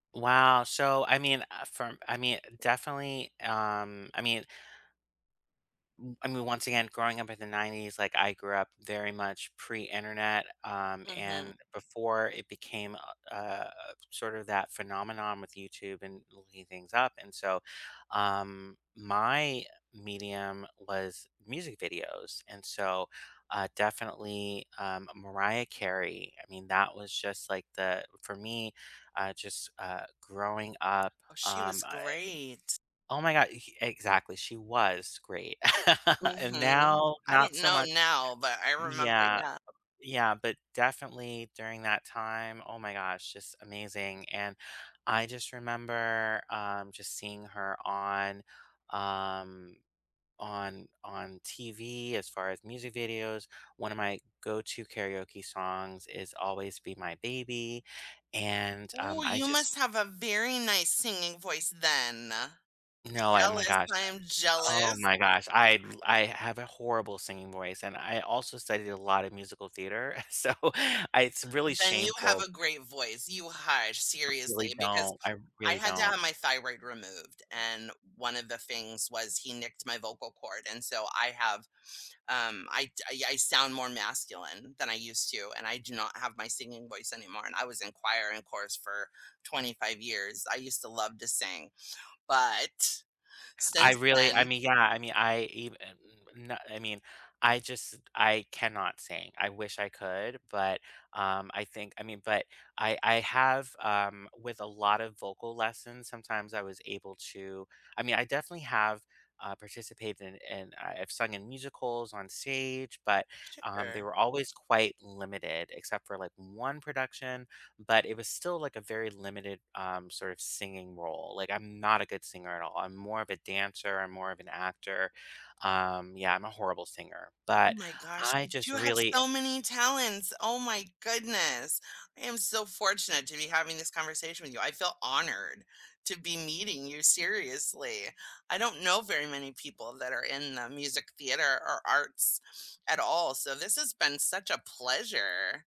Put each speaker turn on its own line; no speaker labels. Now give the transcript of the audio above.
Wow, so, I mean uh, from I mean definitely, um, I mean M I mean, once again, growing up in the 90s, like, I grew up very much pre-Internet, um,
Mhm.
and before it became uh uh, sort of that phenomenon with YouTube and looking things up, and so, um, my medium was music videos. And so, uh, definitely, um, Mariah Carey. I mean, that was just like the for me, uh, just, uh, growing up,
Oh, she was
um, I eh
great.
Oh my god, exactly she was great. And
Mhm.
now
I don't
not so
know
mu
now, but I remember,
yeah,
yeah.
yeah. But definitely during that time, oh my gosh, just amazing and I just remember, um, just seeing her on, um, on on TV as far as music videos. One of my go to karaoke songs is Always Be My Baby, and, um,
Ooh,
I
you must
just
have a very nice singing voice then.
No, I my
Jealous,
gosh,
I am
uh oh
jealous.
my gosh, I l I have a horrible singing voice, and I also studied a lot of musical theater, so I it's really
Then you have
shameful
a great voice, you hush, seriously
Really
because
don't, I
I
really
had to
don't.
have my thyroid removed. And one of the things was he nicked my vocal cord, and so I have, um, I d I I sound more masculine than I used to, and I do not have my singing voice anymore. And I was in choir and chorus for 25 years, I used to love to sing, but
I
since
really I
then
mean, yeah, I mean I even n I mean, I just I cannot sing. I wish I could, but, um, I think I mean but I I have, um, with a lot of vocal lessons, sometimes I was able to I mean, I definitely have, uh, participated in, uh I've sung in musicals on stage, but, um, they
Sure.
were always quite limited except for, like, one production. But it was still, like, a very limited, um, sort of singing role, like, I'm not a good singer at all. I'm more of a dancer, I'm more of an actor, um, yeah I'm a horrible singer.
Oh
But
my gosh,
I
but
just
you have
really
so many
eh
talents, oh my goodness. I am so fortunate to be having this conversation with you I feel honored to be meeting you seriously. I don't know very many people that are in the music theater or arts at all, so this has been such a pleasure.